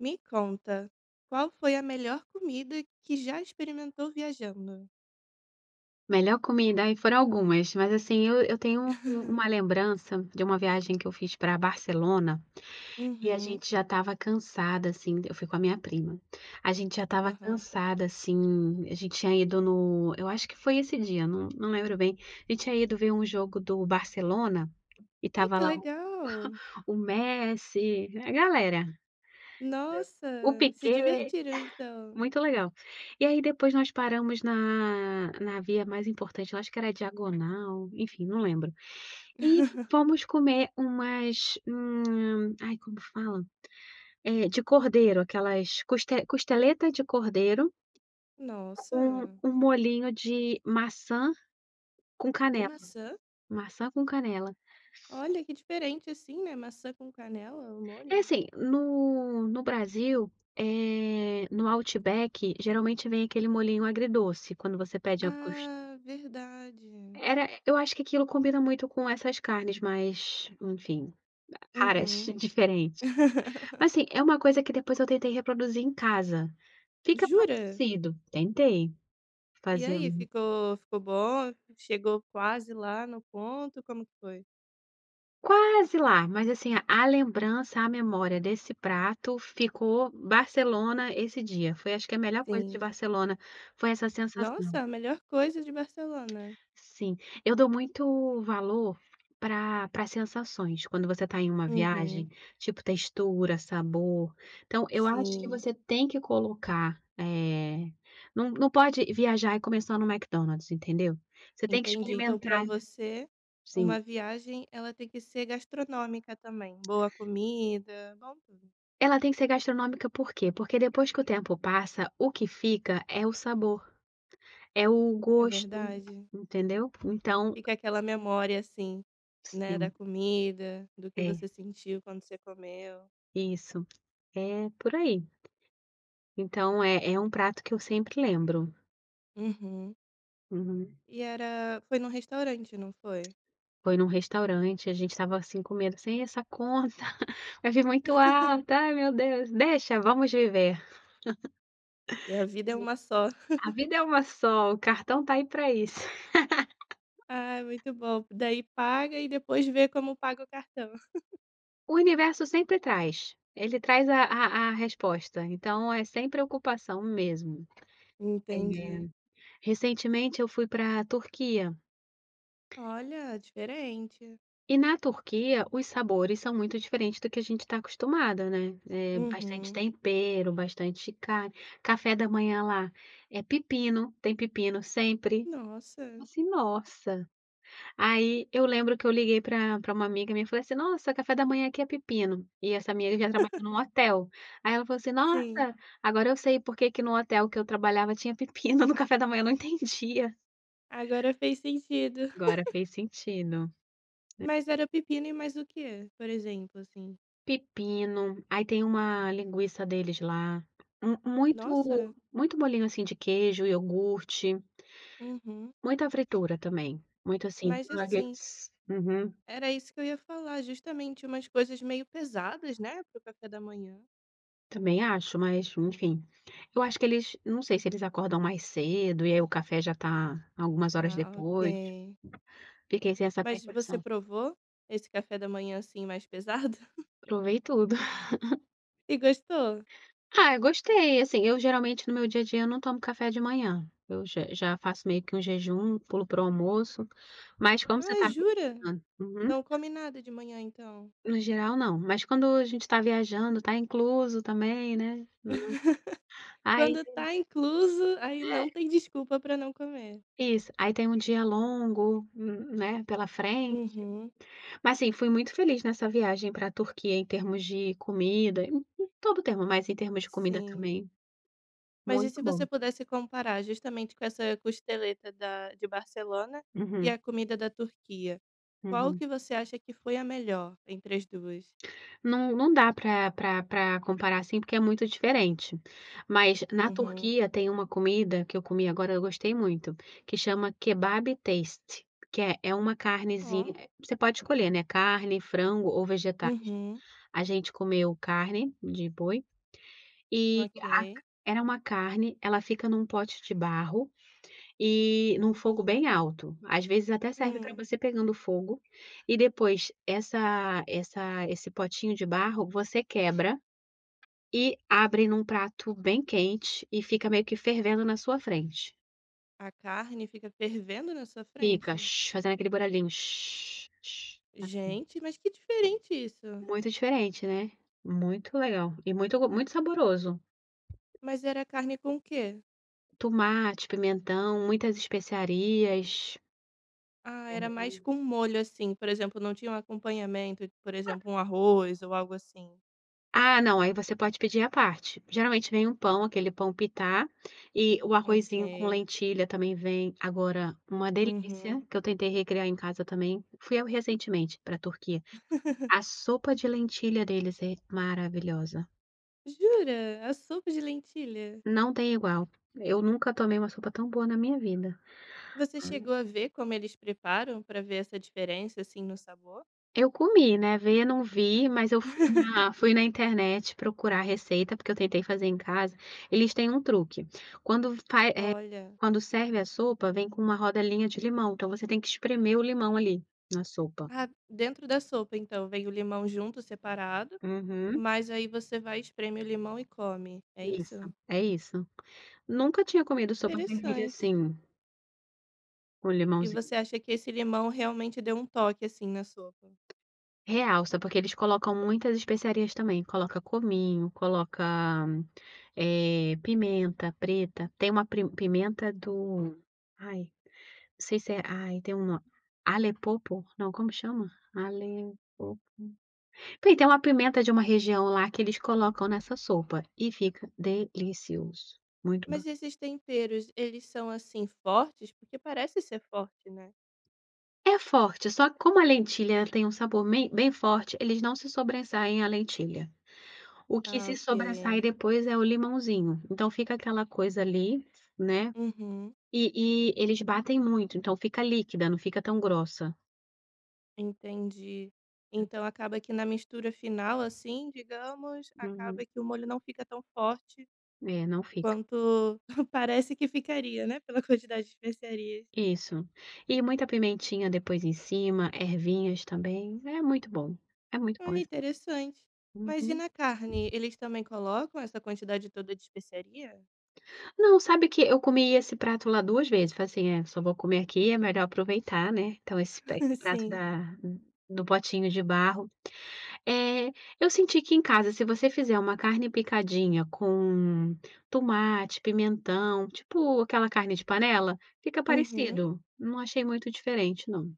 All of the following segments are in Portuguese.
Me conta, qual foi a melhor comida que já experimentou viajando? Melhor comida, aí, foram algumas mas assim eu eu tenho uma lembrança de uma viagem que eu fiz pra Barcelona, e a Uhum. gente já estava cansada, assim, eu fui com a minha prima, a gente já estava Aham. cansada, assim, a gente tinha ido no, eu acho que foi esse dia não não lembro bem, a gente tinha ido ver jogo do Barcelona, e Ai estava que lá o legal. o Messi, a galera, o Nossa se Piquét, divertiram então. muito legal, e aí depois nós paramos na na via mais importante eu acho que era diagonal, enfim não lembro, e fomos comer umas, hum, ai como fala, eh, de cordeiro aquelas cos costeleta de cordeiro. Com Nossa. o molhinho de maçã com De canela, maçã? maçã com canela. Olha que diferente assim, né, maçã com canela o É molho. assim, no no Brasil, eh, no Outback geralmente vem aquele molhinho agridoce, quando você pede a cos Ah, verdade. Era, eu acho que aquilo combina muito com essas carnes mais, enfim, caras, Uhum. diferentes. Mas assim, é uma coisa que depois eu tentei reproduzir em casa. Fica Jura? parecido, tentei, E aí fazendo ficou ficou bom? Chegou quase lá no ponto como que foi? Quase lá. Mas, assim, a lembrança; a memória desse prato, ficou Barcelona, esse dia. Foi acho que a melhor coisa de Sim. Barcelona foi essa sensação. Nossa! A melhor coisa de Barcelona. Sim. Eu dou muito valor pra pra sensações. Quando você tá em uma Uhum. viagem. Tipo textura, sabor. Então, eu acho que Sim. você tem que colocar, eh, não não pode viajar e comer só no McDonald's, entendeu. Você tem que Entendi. Então pra experimentar você, sim. uma viagem ela tem que ser gastronômica também. Boa comida, bom tudo. Ela tem que ser gastronômica, por quê? Porque depois que o tempo passa, o que fica é o sabor. É o É gosto, verdade. entendeu. Então. Fica aquela memória assim, né, da Sim. comida. Do que É. você sentiu quando você comeu. Isso. É por aí. Então, é é um prato que eu sempre lembro. Uhum. Uhum. E era foi num restaurante, não foi? Foi num restaurante a gente estava assim com medo: "E essa conta? Vai vir muito alta. Ai, meu Deus! Deixa! Vamos viver." E a vida é uma só. E a vida é uma só. O cartão tá aí pra isso. Ai, muito bom! Daí paga e depois vê como paga o cartão. O universo sempre traz. Ele traz a a a resposta. Então, é sem preocupação mesmo. É. Entendi. Recentemente eu fui pra Turquia. Olha! Diferente. E na Turquia, os sabores são muito diferentes do que a gente tá acostumada, né. É, bastante Uhum. tempero, bastante carne. Café da manhã lá é pepino. Tem pepino sempre. Nossa! Assim, nossa! Aí, eu lembro que eu liguei pra pra uma amiga minha e falei assim: "Nossa, café da manhã aqui é pepino." E essa minha amiga, ela trabalhava num hotel. Aí ela falou assim: Sim. "Nossa! Agora eu sei porque que no hotel que eu trabalhava tinha pepino no café da manhã. Eu não entendia." Agora fez sentido! Agora fez sentido. É. Mas, era pepino e mais o quê? Por exemplo, assim. Pepino. Aí tem uma linguiça deles lá. Mu Nossa! muito muito bolinho, assim de queijo, iogurte. Uhum. Muita fritura também. Muito assim, Mas [unintelligible] assim uhum. era isso que eu ia falar, justamente. Umas coisas meio pesadas, né, para o café da manhã. Também acho, mas, enfim. Eu acho que eles não sei se eles acordam mais cedo, e aí o café já tá algumas horas Ah, depois. OK. Fiquei sem essa Mas você percepção. provou, esse café da manhã, assim, mais pesado? Provei tudo. E gostou? Ah, eu gostei. Assim, eu geralmente no meu dia a dia não tomo café de manhã. Eu já já faço meio que um jejum; pulo para o almoço. Mas como você Ai, tá jura? viajando uhum. Não come nada de manhã então. No geral, não. Mas quando a gente tá viajando, tá incluso também, né. Hum. Aí. Quando tá incluso, aí É. não tem desculpa pra não comer. Isso. Aí tem um dia longo, n né, pela frente. Uhum. Mas, assim, fui muito feliz nessa viagem pra Turquia, em termos de comida em em em todo o termo, mas em termos de comida Sim. também. Mas e Muito se bom. você pudesse comparar, justamente com essa costeleta da de Barcelona e Uhum. a comida da Turquia. Qual Uhum. que você acha que foi a melhor entre as 2? Não não dá pra pra pra comparar assim, porque é muito diferente. Mas, na Uhum. Turquia, tem uma comida que eu comi agora eu gostei muito. Que chama Kebabı Testi Que é é uma Oh! carnezinha você pode escolher, né, carne, frango ou vegetais. Uhum. A gente comeu carne, de boi, e a c OK. era uma carne; ela fica num pote de barro, e num fogo bem alto. Às vezes até serve pra Hum. você pegando fogo, e depois essa essa esse potinho de barro, você quebra, e abre num prato bem quente, e fica meio que fervendo na sua frente. A carne fica fervendo na sua Fica. frente? Fazendo aquele barulhinho assim. Gente, mas que diferente isso! Muito diferente, né. Muito legal. E muito ro muito saboroso. Mas era carne com o quê? Tomate, pimentão, muitas especiarias. Ah, era mais Uhum. com molho, assim, por exemplo, não tinha um acompanhamento, por Ah. exemplo, um arroz ou algo assim. Ah, não. Aí você pode pedir à parte. Geralmente vem um pão aquele pão pitá, e o arrozinho com OK. lentilha também vem agora uma delícia, Uhum. que eu tentei recriar em casa também. Fui eu, recentemente, pra Turquia. A sopa de lentilha deles é maravilhosa. Jura? A sopa de lentilha? Não tem igual. Eu nunca tomei uma sopa tão boa na minha vida. Você Hum. chegou a ver como eles preparam, pra ver essa diferença, assim, no sabor? Eu comi, né, ver eu não vi, mas eu fui na fui na internet procurar a receita, porque eu tentei fazer em casa, eles têm um truque, quando f vai, eh, Olha. quando serve a sopa, vem com uma rodelinha de limão, então você tem que espremer o limão ali, na sopa. Ah, dentro da sopa então vem o limão junto, separado, Uhum. mas aí você vai espremer o limão e come, é Isso, isso? é isso. Nunca tinha comido sopa de ervilha Interessante. assim com E limãozinho. você acha que esse limão realmente deu um toque assim na sopa? Realça, porque eles colocam muitas especiarias também, coloca cominho, coloca, eh, pimenta preta, tem uma pri pimenta do, ai, não sei se é ai tem uma, alepopo não como chama? Alepopo, porque tem uma pimenta de uma região lá que eles colocam nessa sopa, e fica delicioso, muito ba Mas esses temperos eles são, assim, fortes? Porque parece ser forte, né. É forte, só que como a lentilha tem um sabor bem bem forte, eles não se sobressaem à lentilha, o que Ah se sobressai ok. depois é o limãozinho, então fica aquela coisa ali, né, Uhum. e e eles batem muito, então fica líquida, não fica tão grossa. Entendi, então acaba que na mistura final, assim, digamos, acaba Uhum. que o molho não fica tão forte É, não fica. quanto parece que ficaria né pela quantidade de especiarias. Isso, e muita pimentinha depois em cima, ervinhas também, é muito bom, é muito bom Olha essa interessante, mas e Uhum. na carne, eles também colocam essa quantidade toda de especiaria? Não, sabe que eu comi esse prato lá 2 vezes, foi assim: "É se eu vou comer aqui, é melhor aproveitar né, então esse pe esse prato Sim. da do potinho de barro". Eh eu senti que em casa se você fizer uma carne picadinha com tomate, pimentão, tipo aquela carne de panela, fica Uhum. parecido. Não achei muito diferente não.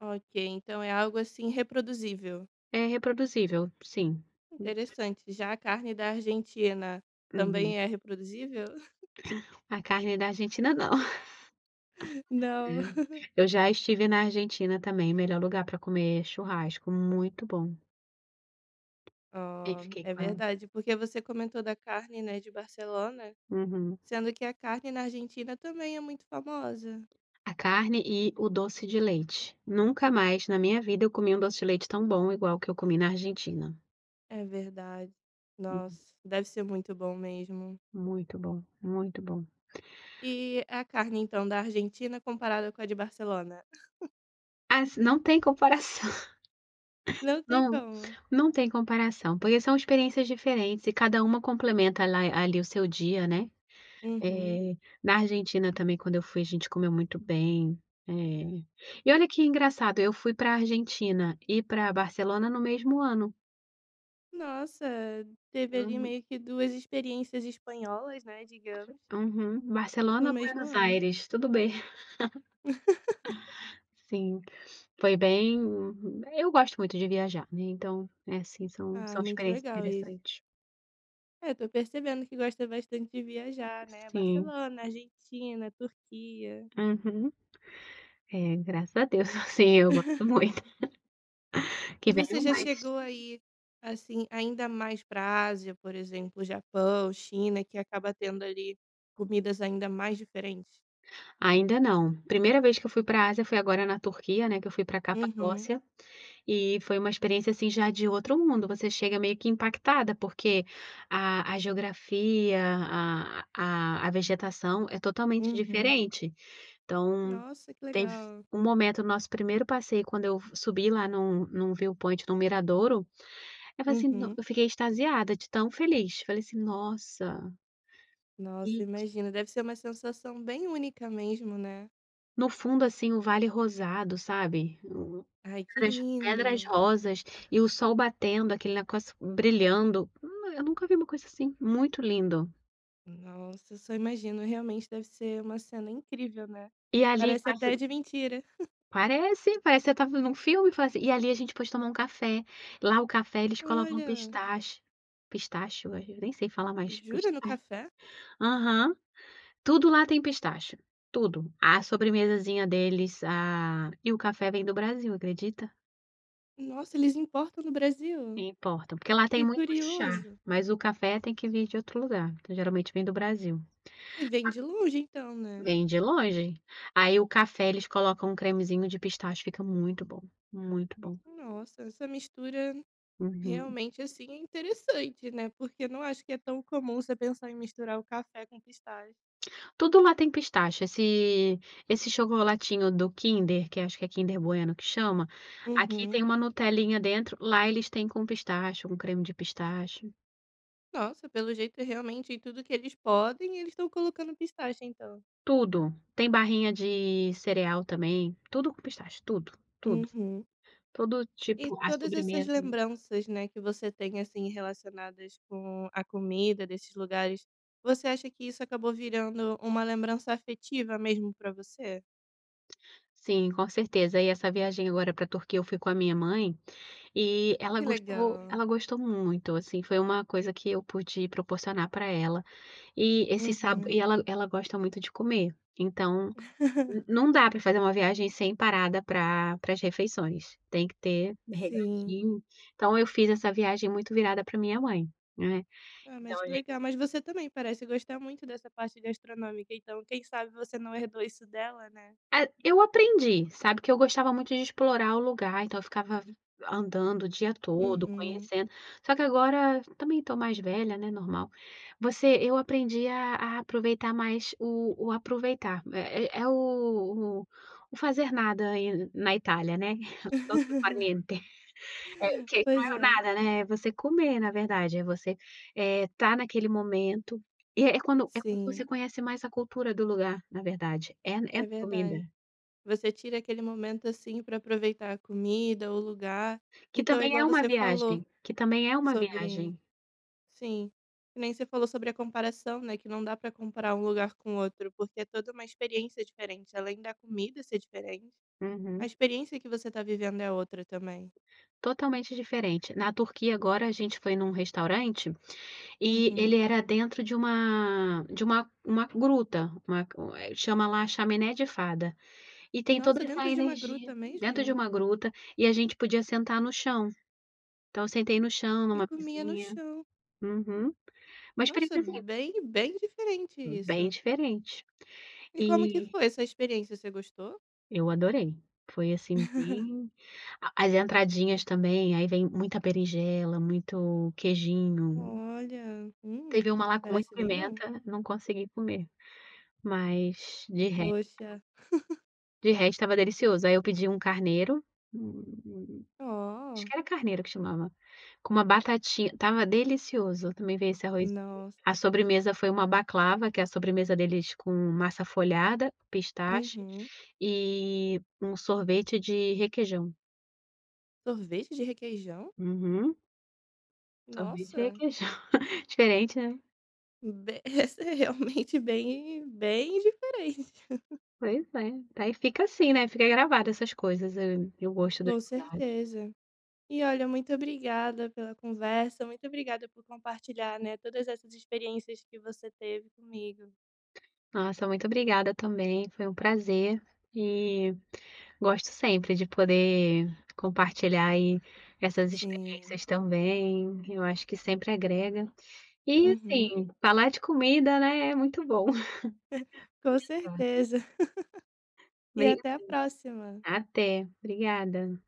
Ok, então é algo, assim, reproduzível. É reproduzível, sim. Hum. Interessante. Já a carne da Argentina Uhum. também é reproduzível? A carne da Argentina não. Não. Eu já estive na Argentina também, melhor lugar para comer churrasco, muito bom. Aí Ó, fiquei é com verdade porque você comentou da carne, né, de Barcelona Uhum. sendo que a carne na Argentina também é muito famosa. A carne e o doce de leite. Nunca mais na minha vida eu comi um doce de leite tão bom igual o que eu comi na Argentina. É verdade. Hum. Nossa deve ser muito bom mesmo. Muito bom, muito bom. E a carne então da Argentina comparada com a de Barcelona? Assi não tem comparação. Não tem Não, como? não tem comparação, porque são experiências diferentes e cada uma complementa ala ali o seu dia, né. Uhum. Eh, na Argentina também quando eu fui a gente comeu muito bem, eh, e olha que engraçado eu fui para a Argentina e para Barcelona no mesmo ano. Nossa teve ali Uhum. meio que 2 experiências espanholas, né, digamos. Uhum. no Barcelona, mesmo Buenos ano. Aires, tudo bem. Sim, foi bem, eu gosto muito de viajar, né, então assim são Ah são muito experiências legal isso. interessantes. É, tô percebendo que gosta bastante de viajar, né, Sim. Barcelona, Argentina, Turquia. Uhum. É, graças a Deus sim, eu gosto muito. E Que você venham já mais. chegou a ir, assim, ainda mais para Ásia, por exemplo, Japão, China, que acaba tendo ali comidas ainda mais diferentes? Ainda não. Primeira vez que eu fui para Ásia foi agora na Turquia, né, que eu fui para Uhum. Capadócia. E foi uma experiência, assim, já de outro mundo, você chega meio que impactada porque a a geografia, a a vegetação é totalmente Uhum. diferente. Então, Nossa que teve legal. um momento no nosso primeiro passeio quando eu f subi lá num num viewpoint do miradouro eu falei assim: "Não!" Uhum. eu fiquei extasiada de tão feliz, falei assim: "Nossa!". Nossa, E que imagino. Deve ser uma sensação bem única mesmo né? No fundo, assim, o vale rosado, sabe? Ai que Nas pedras lindo! rosas e o sol batendo, aquele negócio brilhando, hum, eu nunca vi uma coisa assim, muito lindo. Nossa só imagino realmente deve ser uma cena incrível né. E ali, Parece passa até de mentira. Parece, parece que você está vendo um filme e fala assim, e ali a gente pôde tomar um café. Lá o café eles colocam Olha. pistache pistache ué. Eu nem sei falar mais, pis Jura, no ai. café? Aham, tudo lá tem pistache, tudo. A sobremesazinha deles, a e o café vem do Brasil, acredita? Nossa eles importam do Brasil? Importam. Porque lá tem Que muito chá, curioso! mas o café tem que vir de outro lugar, então geralmente vem do Brasil. E vem de longe então, né? Vem de longe. Aí o café eles colocam um cremezinho de pistache, fica muito bom, muito bom. Nossa, essa mistura Uhum. realmente, assim, é interessante, né. Porque não acho que é tão comum você pensar em misturar o café com pistache. Tudo lá tem pistache, esse esse chocolatinho do Kinder, que acho que é Kinder Bueno que chama, aqui Uhum. tem uma "nutelinha" dentro, lá eles têm com pistache, com creme de pistache. Nossa pelo jeito é realmente tudo que eles podem, eles estão colocando pistache, então. Tudo. Tem barrinha de cereal também. Tudo com pistache, tudo. Tudo. Uhum. Todo E tipo as todas essas sobremesas. lembranças, né, que você tem assim relacionadas com a comida desses lugares. Você acha que isso acabou virando uma lembrança afetiva mesmo pra você? Sim, com certeza. E essa viagem agora pra Turquia, eu fui com a minha mãe, e Ah ela que gostou, legal! ela gostou muito, assim, foi uma coisa que eu pude proporcionar pra ela. E esse sabo Uhum. e ela ela gosta muito de comer. Então, n não dá pra fazer uma viagem sem parada pra para as refeições. Tem que ter Sim. "regradinho". Então eu fiz essa viagem muito virada pra minha mãe, né, Ah então mas a que gente legal! Mas você também parece gostar muito dessa parte gastronômica, então quem sabe você não herdou isso dela, né? Ah eu aprendi, sabe, que eu gostava muito de explorar o lugar, então eu ficava an andando o dia todo Uhum. conhecendo. Só que agora também tô mais velha, né, normal. Você eu aprendi a a aproveitar mais o o aproveitar é é o o o fazer nada aí na Itália né, o dolce far niente. É o que que não Pois é o é. nada, né, é você comer na verdade, é você, eh, estar naquele momento, e é quando é quando você Sim. conhece mais a cultura do lugar, na verdade, é é É na comida. verdade. Você tira aquele momento assim pra aproveitar a comida o lugar Que então é também é igual uma você falou viagem, que também é uma sobre viagem. sim, que nem você falou sobre a comparação né que não dá para comparar um lugar com o outro, porque é toda uma experiência diferente além da comida ser diferente, a Uhum. experiência que você tá vivendo é outra também. Totalmente diferente. Na Turquia agora a gente foi em um restaurante, e ele Uhum. era dentro de uma de uma uma gruta, uma chama lá chaminé de fada. E tem Nossa toda essa dentro de uma gruta energia dentro de mesmo? uma gruta e a gente podia sentar no chão. Então eu sentei no chão E numa comia no "mesinha" chão. Uhum. Mas Nossa precisa ir bem bem diferente Bem isso! diferente, E como que e foi essa experiência? Você gostou? eu adorei. Foi assim bem a as "entradinhas" também aí vem muita berinjela, muito "queijinho". Olha, hum. Teve uma lá com muita Parece bem bom. pimenta, não consegui comer. Mas, de resto Poxa. de resto estava delicioso, aí eu pedi um carneiro. [unintelligible] Acho Oh! que era carneiro que chamava, com uma "batatinha" estava delicioso também veio esse "arrozinho". Nossa! A sobremesa foi uma baclava, que é a sobremesa deles com massa folhada, pistache, Uhum. e um sorvete de requeijão. Sorvete de requeijão? Uhum. Sorvete de requeijão. Nossa! Diferente, né? Be essa é realmente bem, bem diferente. Pois é. Daí fica assim, né, fica gravado essas coisas, eh, eu gosto das Com cidades. certeza! E olha muito obrigada pela conversa. Muito obrigada por compartilhar, né, todas essas experiências que você teve comigo. Nossa, muito obrigada também, foi um prazer. E, gosto sempre de poder compartilhar aí essas Sim. experiências também. Eu acho que sempre agrega. E, Uhum. assim, falar de comida, né, é muito bom. Com Obrigada. certeza. E Obrigada. até a próxima. Até, obrigada.